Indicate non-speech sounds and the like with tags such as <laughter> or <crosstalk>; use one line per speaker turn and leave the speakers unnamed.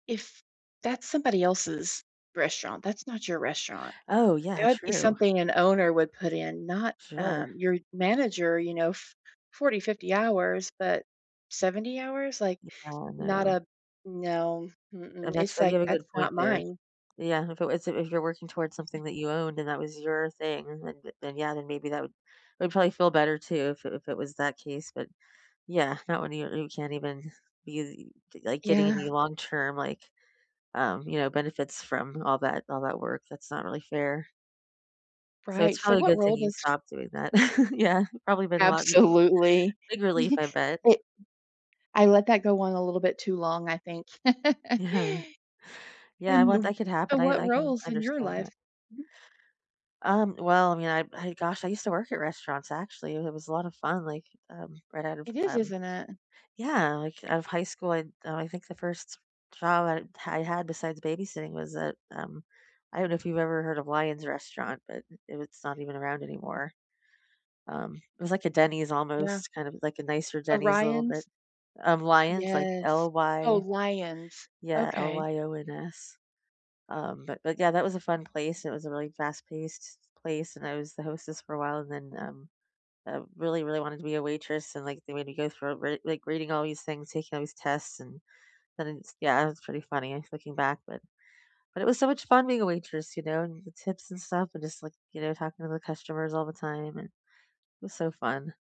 If that's somebody else's restaurant, that's not your restaurant.
Oh,
That
yeah.
would be
True.
something an owner would put in, not,
Sure.
um, your manager, you know, f 40, 50 hours, but 70 hours? Like,
Yeah. I
not
know.
a no.
And
Mm-mm.
that's
It's
you
like,
have a
"That's
good
not
point there.
mine."
Yeah. If it was if you're working towards something that you owned and that was your thing, then then then, yeah, then maybe that would that would probably feel better, too, if it if it was that case. But, yeah, not when you you can't even be, like, getting
Yeah.
any long term, like, um, you know, benefits from all that all that work. That's not really fair. So
Right.
it's
So
probably a
what
good
role
thing you
does
stopped doing that. <chuckles> Yeah. Probably been a lot n
Absolutely.
big relief, I
<chuckles>
bet.
I I let that go on a little bit too long, I think. <chuckles>
Yeah. Yeah.
And
Well,
th
that could
so
happen. I
what
I can
roles in your
understand that.
life? Mhm.
Um, well, I mean, I I, gosh. I used to work at restaurants, actually. It it was a lot of fun, like, um, right out of,
It is,
um
isn't it?
yeah, like, out of high school. I I think the 1st job I I had besides babysitting was that, um, I don't know if you've ever heard of Lyons Restaurant, but it was not even around anymore. Um, it was like a Denny's
Yeah.
almost, kind of like a nicer Denny's a little bit
Orion's
um, Lyons, like
Yes. Oh,
L-Y
Lyons.
yeah,
Okay.
L-Y-O-N-S. Um, but but, yeah, that was a fun place. It was a really fast paced place, and I was the hostess for a while. And then, um, I really, really wanted to be a waitress And, like, they made me go through re like, reading all these things, taking all these tests, and then it's, yeah. It was pretty funny looking back. But but it was so much fun being a waitress, you know, and the tips and stuff and just, like, you know, talking to the customers all the time, and it was so fun.